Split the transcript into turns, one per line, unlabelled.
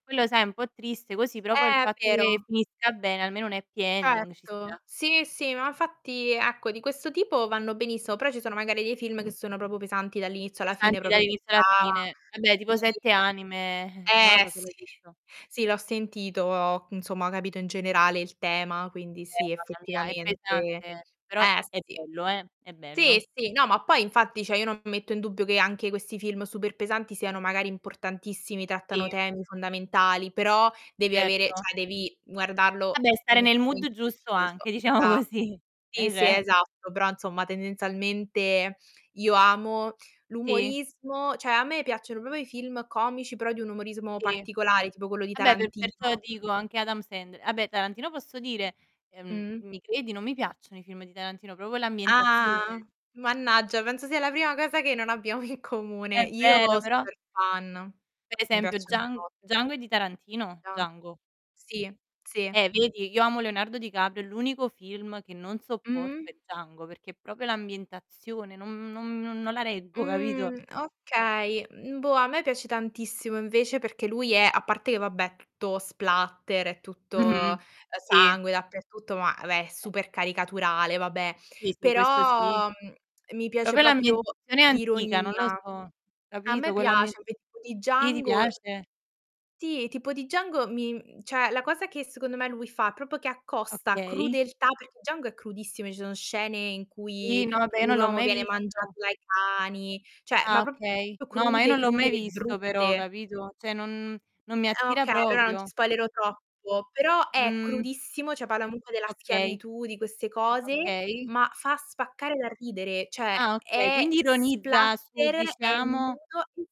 Quello, sai, è un po' triste così, però poi il
Eh, è
fatto che
vero.
finisca bene, almeno un happy ending ci
Certo.
sta.
Sì, sì, ma infatti, ecco, di questo tipo vanno benissimo, però ci sono magari dei film che sono proprio pesanti dall'inizio alla fine
Pesanti
proprio che
dall'inizio alla
ca
fine. Vabbè,
ti
tipo "Sette anime", non lo
eh,
so se l'hai
sì,
visto.
sì l'ho sentito, insomma, ho capito in generale il tema, quindi
Eh,
sì,
mamma mia è
effettivamente.
pesante, però
Eh,
è
sì.
bello, eh, è bello.
Sì, sì no, ma poi infatti, cioè io non metto in dubbio che anche questi film super pesanti siano magari importantissimi, trattano
Ti
temi fondamentali, però devi avere
Erto.
cioè, devi
Vabbè,
guardarlo in
stare
un
nel mood
momento
giusto
preciso,
anche,
che
diciamo
dà
così. È
sì, sì, è
ve
esatto, però, insomma, tendenzialmente io amo
Ti
l'umorismo cioè, a me me piacciono proprio i film comici, però di un umorismo
Ti
particolare, tipo quello di
vabbè, per perciò
Tarantino.
ti dico anche Adam Sandler. Vabbè, Tarantino, posso dire, ehm,
Mh-mh.
mi credi, non mi piacciono i film di Tarantino, proprio l'
Ah!
ambientazione.
Mannaggia, penso sia la prima cosa che non abbiamo in comune.
È
Io,
vero, però
super fan.
Per
Mi
esempio,
piacciono un
Djang
bo
Django è di Tarantino?
Ah.
Django.
Sì, sì.
Eh, vedi? Io amo Leonardo Di Caprio, è l'unico film che non sopporto
Mh-mh.
è Django perché è proprio l'ambientazione non non non non la reggo, capito?
Mh, okay. Mhmm, boh, a me piace tantissimo invece perché lui è a parte che vabbè, è tutto splatter, è tutto, ehm,
Mh-mh. Sì.
sangue dappertutto, ma, vabbè, è
[unintelligible]
super caricaturale, vabbè
Sì, sì questo sì.
però, mhmm, mi piace
Proprio
proprio
l'ambientazione antica, non lo
l'ironia.
so,
A
capito,
me
quell'ammie
piace, [unintelligible] tipo di
sì, ti
Django
piace?
ti tipo di Django mi mhmm, cioè la cosa che secondo me lui fa, è proprio che accosta
Okay.
crudeltà perché Django è crudissimo, ci sono scene in
I
cui
no vabbè, io
un
non l'ho
uomo
mai
viene mangiato
visto.
dai cani, cioè,
Ah,
ma proprio
okay. No, ma io
crude,
non l'ho mai
crude,
visto però,
brutte.
capito? Cioè, non non mi
Ehm,
attira
okay, allora non ti
proprio.
spoilero troppo, però è
Mh.
crudissimo, cioè palla comunque della
Okay.
schiavitù, di queste cose,
Okay.
ma fa spaccare dal ridere, cioè
Ah, okay.
è
Quindi ironizza su,
splatter, è
diciamo
nudo